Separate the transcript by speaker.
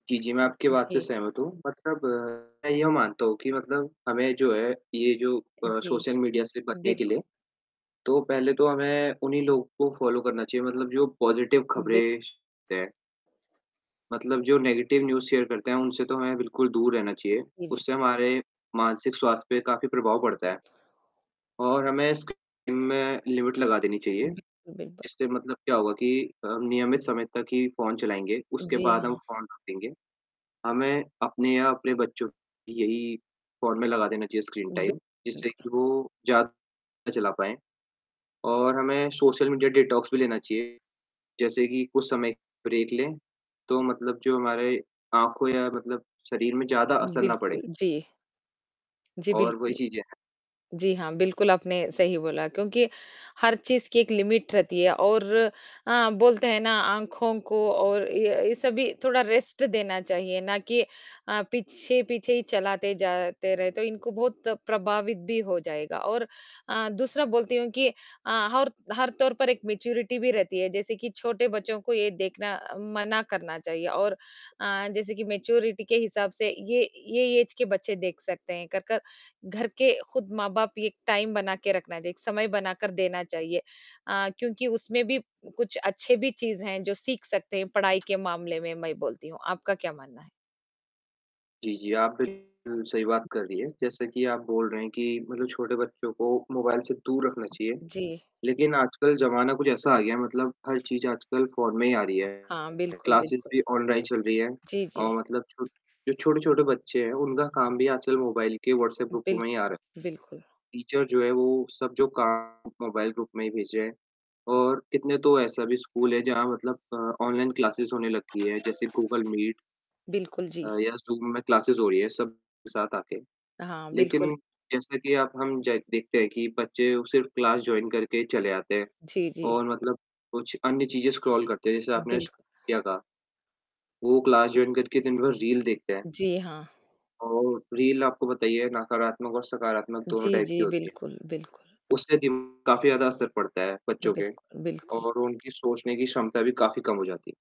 Speaker 1: जी, जी, मैं आपकी बात से
Speaker 2: जी।
Speaker 1: सहमत हूँ, मतलब मैं ये मानता हूँ कि मतलब, हमें जो है ये जो अ,
Speaker 2: जी,
Speaker 1: सोशल मीडिया से बचने के
Speaker 2: बिल्कुल।
Speaker 1: लिए, तो पहले तो हमें उन्ही लोग को फॉलो करना चाहिए, मतलब जो पॉजिटिव
Speaker 2: बि
Speaker 1: खबरें [unintelligible] हैं। मतलब जो नेगेटिव न्यूज़ शेयर करते हैं उनसे तो हमें बिल्कुल दूर रहना चाहिए,
Speaker 2: जी, जी।
Speaker 1: उससे हमारे मानसिक स्वास्थ्य पे काफ़ी प्रभाव पड़ता है, और हमें स्क्रीन में लिमिट लगा देनी चाहिए,
Speaker 2: बिल्कुल, बिल्कुल।
Speaker 1: इससे मतलब क्या होगा कि अ, नियमित समय तक ही फोन चलाएँगे, उसके
Speaker 2: जी,
Speaker 1: बाद हम
Speaker 2: हाँ।
Speaker 1: फोन रखेंगे। हमें अपने या अपने बच्चों यही फोन में लगा देना चाहिए स्क्रीन टाइम
Speaker 2: बिकुल
Speaker 1: जिससे कि वो ज़्यादा चला पाएँ और हमें सोशल मीडिया डिटॉक्स भी लेना चाहिए जैसे कि कुछ समय ब्रेक लें, तो मतलब जो हमारी आँखों या मतलब शरीर में ज़्यादा असर ना पड़े।
Speaker 2: बिल्कुल, जी। जी
Speaker 1: और वही
Speaker 2: बिल्कुल,
Speaker 1: चीज़ें हैं।
Speaker 2: जी, हाँ, बिल्कुल आपने सही बोला क्योंकि हर चीज़ की एक लिमिट रहती है और हाँ, बोलते हैं ना आँखों को और ये ये सभी थोड़ा रेस्ट देना चाहिए ना कि अ, पीछे-पीछे ही चलाते जाते रहे तो इनको बहुत प्रभावित भी हो जाएगा और अ, दूसरा बोलती हूँ कि अ, हर हर तौर पर एक मैच्योरिटी भी रहती है जैसे कि छोटे बच्चों को ये देखना मना करना चाहिए और अ, जैसे कि मैच्योरिटी के हिसाब से ये ये ऐज के बच्चे देख सकते हैं कर-कर, घर के खुद माँ-बाप एक टाइम बना के रखना चाहिए, एक समय बना कर देना चाहिए अ, क्योंकि उसमें भी कुछ अच्छे भी चीज़ हैं जो सीख सकते हैं, पढ़ाई के मामले में मैं बोलती हूँ। आपका क्या मानना है?
Speaker 1: जी, जी, आप बिल्कुल सही बात कर रही हैं, जैसे कि आप बोल रहे हैं कि मतलब छोटे बच्चों को मोबाइल से दूर रखना चाहिए,
Speaker 2: जी।
Speaker 1: लेकिन आजकल ज़माना कुछ ऐसा आ गया है, मतलब हर चीज़ आजकल फोन में ही आ रही है।
Speaker 2: हाँ, बिल्कुल,
Speaker 1: क्लासेस
Speaker 2: बिल्कुल,
Speaker 1: भी ऑनलाइन चल रही है
Speaker 2: जी, जी।
Speaker 1: और मतलब छो जो छोटे-छोटे बच्चे हैं उनका काम भी आजकल मोबाइल के व्हाट्सएप ग्रुप में ही आ रहा है,
Speaker 2: बिल्कु बिल्कुल।
Speaker 1: टीचर जो है वो सब जो काम मोबाइल ग्रुप में ही भेज रहे हैं और कितने तो ऐसे भी स्कूल हैं जहाँ मतलब अ, ऑनलाइन क्लास होने लगी है जैसे गूगल मीट।
Speaker 2: बिल्कुल,
Speaker 1: अ,
Speaker 2: जी।
Speaker 1: या ज़ूम में क्लास हो रही है सब साथ आके।
Speaker 2: हाँ, बिल्कुल।
Speaker 1: लेकिन जैसा कि अब ज हम देखते हैं कि बच्चे सिर्फ़ क्लास जॉइन करके चले आते हैं
Speaker 2: जी, जी।
Speaker 1: और मतलब कुछ अन्य चीज़ें स्क्रॉल करते हैं। जैसे आपने
Speaker 2: बिल
Speaker 1: श क्या कहा? वो क्लास जॉइन करके दिन भर रील देखते हैं।
Speaker 2: जी, हाँ।
Speaker 1: और रील आपको पता ही है नकारात्मक और सकारात्मक दोनों
Speaker 2: जी,
Speaker 1: टाइप की
Speaker 2: जी।
Speaker 1: होती है,
Speaker 2: बिल्कुल, बिल्कुल।
Speaker 1: उससे दिम काफ़ी ज़्यादा असर पड़ता है बच्चों के
Speaker 2: बिल्कुल, बिल्कुल।
Speaker 1: और उनकी सोचने की क्षमता भी काफ़ी कम हो जाती है।